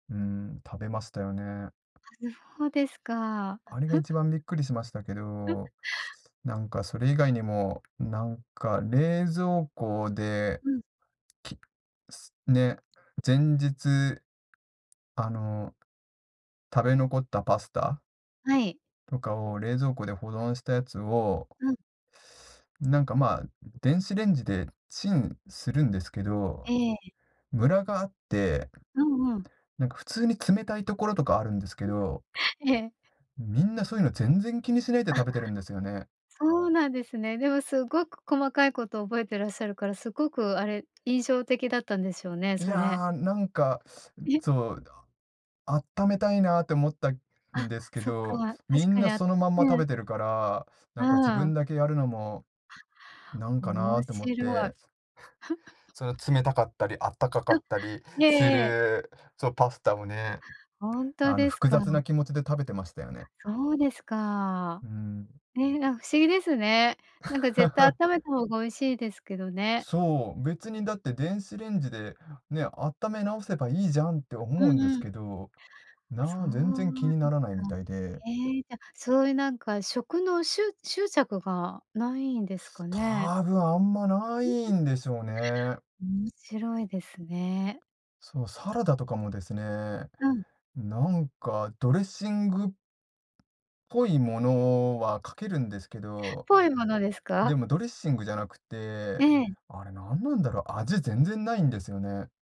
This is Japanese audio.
うーん、食べましたよね。はる、ほですか。あれが一 番びっくりしましたけ ど、なんかそれ以外にも、なんか冷蔵庫で、うん。きすね、前日、あの、食べ残ったパスタはい。とかを、冷蔵庫で保存したやつをうん。なんか、まあ、電子レンジでチンするんですけど、ええ、え。ムラがあって、うんうん。なんか、普通に冷たいところとかあるんですけど、ええ。みんなそういうの全然気にしないであ。食べてるんですよね。そうなんですね。でも、すっごく細かいこと覚えてらっしゃるから、すごく、あれ、印象的だったんでしょうね、いそれ。や、なんか、ん、そう、だあっためたいなって思ったんあ、ですけそっど、か。み確んかなにあそのまんまえ食え。べてるから、なうーんか自分ん。だけやるのもなんか面なって思っ白い。て。その、冷たかったりあったかかうったりん、ええすええ。るそう、パスタをね、ほんとあの、です複か。雑な気持ちで食べてましたよね。そうですか。うーん。ええ、あ、不思議ですね。なんか、絶対あっ ためた方が美味しいですけどね。そう、別にだって電子レンジで、ね、あっため直せばいいじゃんって思ううんんでうすん。けど、そな全然気うにでなすらないか。みたいで。へえ、じゃ、そういう、なんか、食の、しゅ執着がないんですかね？多分、あんま、ない んでしょうね。面白いですね。そう、サラダとかもですね、うん。なんか、ドレッシングっぽいものはかけるんですけど、ぽいものですでか？もドレッシングじゃなくえて、え。あれ、なんなんだろう。味、全然ないんですよね。